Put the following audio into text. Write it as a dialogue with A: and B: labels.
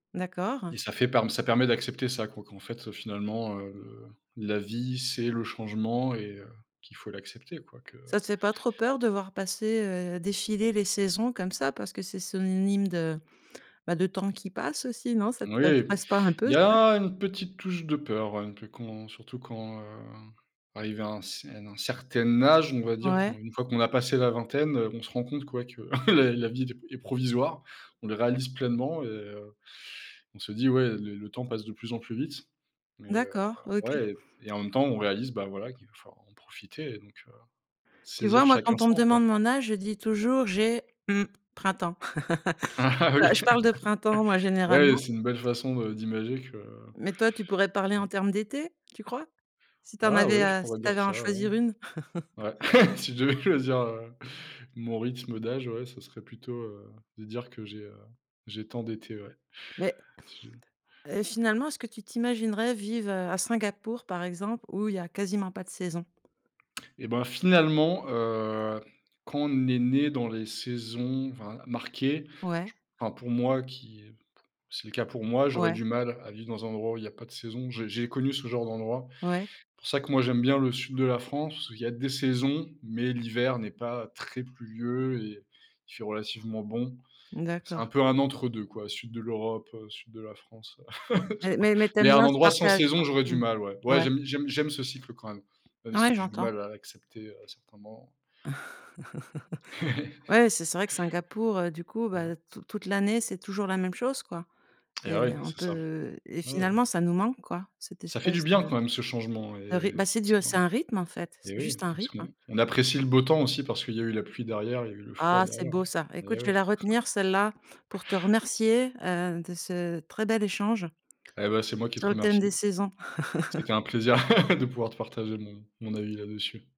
A: D'accord.
B: Et ça fait parm ça permet d'accepter ça, quoi qu'en fait, heu, finalement, heu, la vie, c'est le changement et heu, qu'il faut l'accepter quoi que
A: Ça te fais pas trop peur de voir passer, heu, défiler les saisons comme ça parce que c'est synonyme de bah de temps qui passe aussi, non ça te
B: Oui,
A: stresse pas un peu
B: il y
A: ça?
B: a une petite touche de peur un peu, quand surtout quand, hem, arrivé à un c à un certain âge, on va dire,
A: Ouais.
B: une fois qu'on a passé la vingtaine, on se rend compte que ouais que la la vie est est d provisoire, on le réalise pleinement et on se dit: «Ouais, le temps passe de plus en plus vite». Mais heu,
A: D'accord, OK.
B: ouais et en même temps, on réalise bah voilà qu'il va falloir en profiter et donc heu,
A: Tu
B: saisir
A: vois, moi,
B: chaque
A: quand on me
B: instant, quoi.
A: demande mon âge, je dis toujours, j'ai, mmh, printemps. Ah
B: Oui.
A: je parle de printemps, moi,
B: Bah ouais
A: généralement
B: c'est une belle façon de d'imager que
A: mais toi, tu pourrais parler en
B: ouais.
A: termes d'étés, tu crois? Si tu en
B: Ah
A: avais
B: ouais, je
A: à si
B: pourrais
A: tu
B: dire
A: avais à en
B: ça, ouais.
A: choisir une.
B: Ouais, si je devais choisir, heu, mon rythme d'âge, ouais, ça serait plutôt, heu, de dire que j'ai, heu, j'ai tant d'été, ouais.
A: Mais
B: Je
A: heu, finalement, est-ce que tu t'imaginerais vivre à Singapour, par exemple, où il y a quasiment pas de saison?
B: Et bah finalement heu, quand on est né dans les saisons v marquées,
A: Ouais.
B: je p enfin, pour moi qui, c'est le cas pour moi, j'aurais
A: Ouais.
B: du mal à vivre dans un endroit où il y a pas de saison. J j'ai connu ce genre d'endroit.
A: Ouais.
B: Pour ça que moi j'aime bien le sud de la France, parce qu'il y a des saisons, mais l'hiver n'est pas très pluvieux et il fait relativement bon. C'est un
A: D'accord.
B: peu un entre 2 quoi, sud de l'Europe, heu, sud de la France.
A: Mais mais mais tu
B: Mais
A: aimes
B: un
A: bien ce
B: endroit sans
A: partage, quoi.
B: saison, j'aurais du
A: Mmh.
B: mal, ouais. Ouais,
A: Ouais.
B: j'aime j'aime j'aime ce cycle quand même, même
A: Ouais,
B: si j'ai du
A: j'entends.
B: mal à accepter à certains moments.
A: Ouais, c'est c vrai que Singapour, du coup,
B: Heu
A: bah tout toute l'année, c'est toujours la même chose quoi
B: Et
A: et
B: ouais,
A: on
B: c'est ça.
A: peut et
B: Ouais, ouais.
A: finalement, ça nous manque quoi, cette
B: Ça fait du
A: espèce
B: bien
A: de
B: quand même ce changement
A: de ryt
B: et
A: Bah c'est
B: parce
A: du
B: que
A: c'est un rythme en fait,
B: et
A: c'est juste
B: oui,
A: un
B: parce
A: rythme, hein.
B: qu'on apprécie le beau temps aussi parce qu'il y a eu la pluie derrière et y a eu le froid
A: Ah c'est
B: derrière
A: beau ça. Écoute
B: et
A: je vais la
B: ouais.
A: retenir celle-là pour te remercier, heu, de ce très bel échange
B: Et bah c'est moi qui te
A: sur le thème des
B: remercie.
A: saisons.
B: C'était un plaisir de pouvoir te partager mon mon avis là-dessus.